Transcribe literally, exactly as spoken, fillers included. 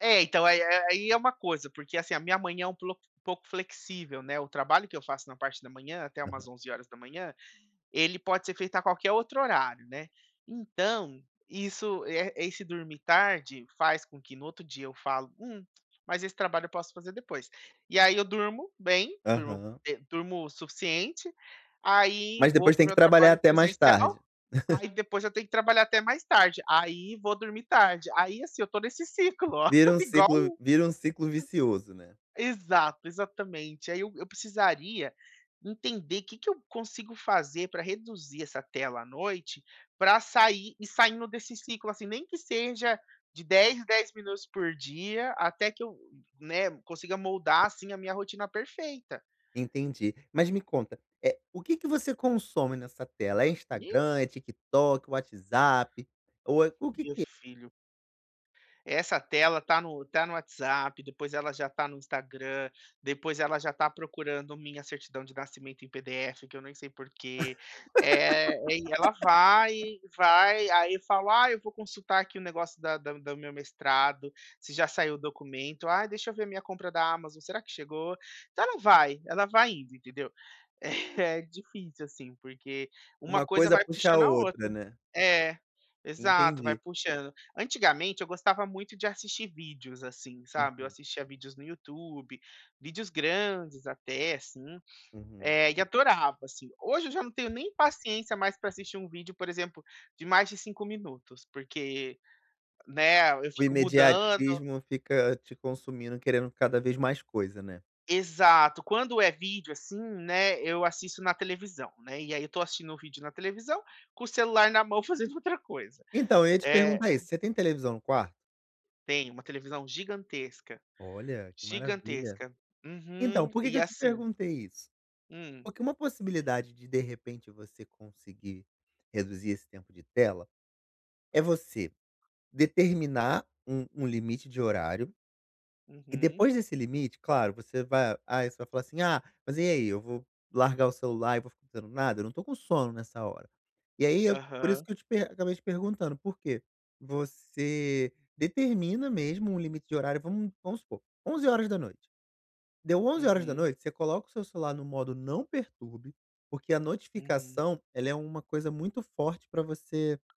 É, então aí é aì é uma coisa, porque assim, a minha manhã é um ploc pouco flexível, né, o trabalho que eu faço na parte da manhã, até umas Aham. onze horas da manã, ele pode ser feito a qualquer outro horário, né. Então, isso, e, eh, esse dormir tarde, faz com que no outro dia eu falo: "Hum, mas esse trabalho eu posso fazer depois". E aí eu durmo bem, durmo, Aham. eh, durmo o suficiente, aí Mas vou depois pro tem que meu trabalhar trabalho até mais presencial, tarde. aí depois eu tenho que trabalhar até mais tarde, aí vou dormir tarde, aí, assim, eu estou nesse ciclo, Vira um igual. ciclo vira um ciclo vicioso, né. Exato, exatamente. Aí eu eu precisaria entender que que eu consigo fazer pra reduzir essa tela à noite, pra sair e saindo desse ciclo assim, nem que seja de dez em dez minutos por dia até que eu, [unintelligible] né, consiga moldar assim a minha rotina perfeita. Entendi. Mas me conta. Eh, o que que você consome nessa tela? É Ni Instagram, é TikTok, WhatsApp? Ou é o que Meu que é filho. Essa tela tá no tá no WhatsApp, depois ela já tá no Instagram, depois ela já tá procurando minha certidão de nascimento em PDF, que eu nem sei por quê. Eh, e ela vai, vai, aí falo: "Ah, eu vou consultar aqui o negócio da da do meu mestrado, se já saiu o documento", "Ah, deixa eu ver a minha compra da Amazon, será que chegou?". Então ela vai, ela vai indo, entendeu? É, difícil, assim, porque uma Uma coisa coisa vai puxa a puxando a outra, outra. né. É, exato, vai Entendi. puxando antigamente eu gostava muito de assistir vídeos, assim, sabe, eu Uhum. assistia vídeos no YouTube, vídeos grandes até, assim, Uhum. eh, e adorava, assim. Hoje eu já não tenho nem paciência mais pra assistir um vídeo, por exemplo, de mais de cinco minutos, porque, né, eu O fico mudando. imediatismo fica te consumindo e querendo cada vez mais coisa, né? Exato. Quando é vídeo assim, né, eu assisto na televisão, né, e aí eu estou assistindo o vídeo na televisão, com o celular na mão fazendo outra coisa. Então, eu ia te Eh perguntar isso: você tem televisão no quarto? Tem, uma televisão gigantesca. Olha, que maravilha. Gigantesca. Então, Uhum. por que que E, eu te assim perguntei isso? Hum. Porque uma possibilidade de, de repente você conseguir reduzir esse tempo de tela, é você determinar um um limite de horário e Uhum. depois desse limite, claro, você vai ah, você vai falar assim: "Ah mas, e aí eu vou largar o celular e vou ficar fazendo nada? Eu não estou com sono nessa hora." E aí eu por isso Aham. que eu te per acabei te perguntando, por que? Você determina mesmo um limite de horário, vamo vamos supor: onze horas da noite. Deu onze horas da Uhum. noite, você coloca o seu celular no modo "não perturbe", porque a Uhum. notificação ela é uma coisa muito forte pra você